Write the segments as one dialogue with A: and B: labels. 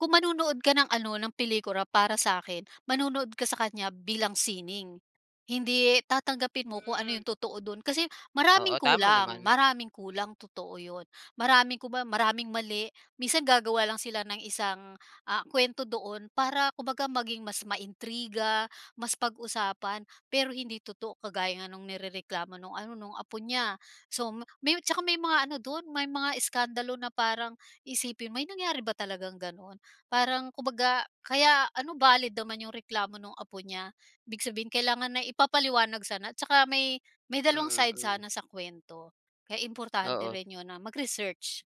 A: Kung manonood ka ng ano, ng pelikula para sa’kin, manonood ka sa kaniya bilang sining. Hindi tatanggapin mo kung ano
B: Hmm.
A: yung totoo dun. Kasi
B: Oo,
A: maraming
B: tama
A: kulang,
B: naman.
A: maraming kulang, totoo ‘yon. Maraming kumbaga, maraming mali. Minsan gagawa lang sila ng isang, ah, kwento doon para kumbaga maging mas ma-intriga, mas pag-usapan pero hindi totoo. Kagaya nung nirereklamo nung ano, nung apo niya so ma may tsaka may mga ano dun, may mga iskandalo na parang isipin mo, "May nangyari ba talagang ganun?" Parang kumbaga kaya ano, valid naman yung reklamo nung apo niya ibig sabihin kailangan na ipapaliwanag sana. Tsaka may may dalawang
B: Mm,
A: side
B: mm.
A: sana sa kwento. Kaya importante
B: Oo.
A: rin ‘yon na mag-research.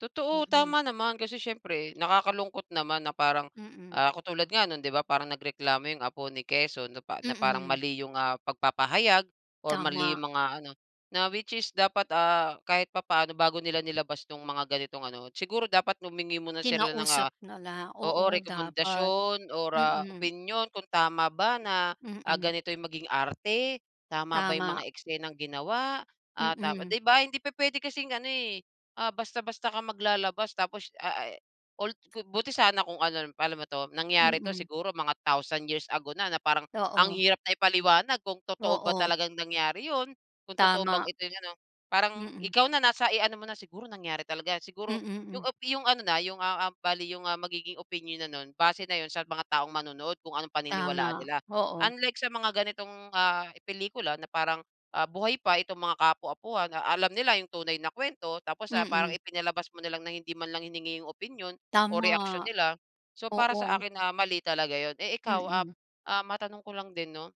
B: Totoo
A: Mm.
B: tama naman, kasi syempre nakakalungkot naman na parang,
A: Mm.
B: ah, katulad nga no'n 'di ba, parang nagreklamo yung apo ni Quezon na pa na parang
A: Mm.
B: mali yung, ah, pagpapahayag or mali
A: Tama.
B: yung mga ano. Na, which is dapat ah, kahit papaano bago nila nilabas yung mga ganitong ano siguro, dapat humingi muna sila ng,
A: Kinausap
B: ah,
A: na lang,
B: oo
A: oo dapat.
B: rekomendasyon or, ah,
A: Mm.
B: opinyon kung tama ba na, ah,
A: Mm.
B: ganito yung maging arte? Tama ba yung
A: Tama.
B: mga eksenang ginawa? Ah, dapat
A: Mm.
B: 'di ba hindi pupuwede kasing ano eh, ah, basta-basta ka maglalabas tapos ah, eh, [unintelligible] buti sana kung ano, alam paano ba 'to? Nangyari ito
A: Mm.
B: siguro mga thousand years ago na, na parang ang
A: Oo.
B: hirap na ipaliwanag kung totoo ba
A: Oo.
B: talagang nangyari yun, kung totoo bang
A: Tama.
B: ito ano. Parang
A: Mm.
B: ikaw na nasa, eh, ano mo na, siguro nangyari talaga yan,
A: Mm,
B: siguro
A: hmm.
B: yung a yung ano na, yung ah ah bali yung ang magiging opinyon na nun, base na yun sa mga taong manonood kung anong paniniwalaan
A: Tama,
B: nila.
A: oo.
B: Unlike sa mga ganitong, ah, pelikula na parang, ah, buhay pa itong mga ka-apo-apuhan, alam nila yung tunay na kwento tapos, ah, parang
A: Mm.
B: ipinalabas mo na lang na hindi man lang hiningi yung opinyon o
A: Tama.
B: reaksyon nila, so para sa
A: Oo.
B: akin, ah, mali talaga yun. Eh, ikaw, ah
A: Mm.
B: ah, matanong ko lang din 'no,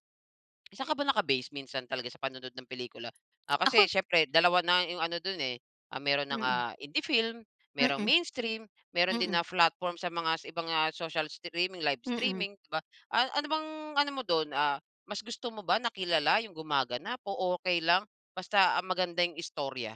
B: saan ka ba naka-base minsan talaga sa panonood ng pelikula? Ah,
A: Ako
B: kasi siyempre dalawa na yung ano dun eh, ah, meron nang,
A: Mm.
B: ah, indie film, mayroong
A: Mm.
B: mainstream, mayroon din
A: Mm.
B: na platform sa mga sa ibang, ah, mga social streaming, live
A: Mm.
B: streaming 'di ba? A ano bang ano mo dun, ah, mas gusto mo ba na kilala yung gumaganap o, okey lang basta, ah, maganda yung istorya?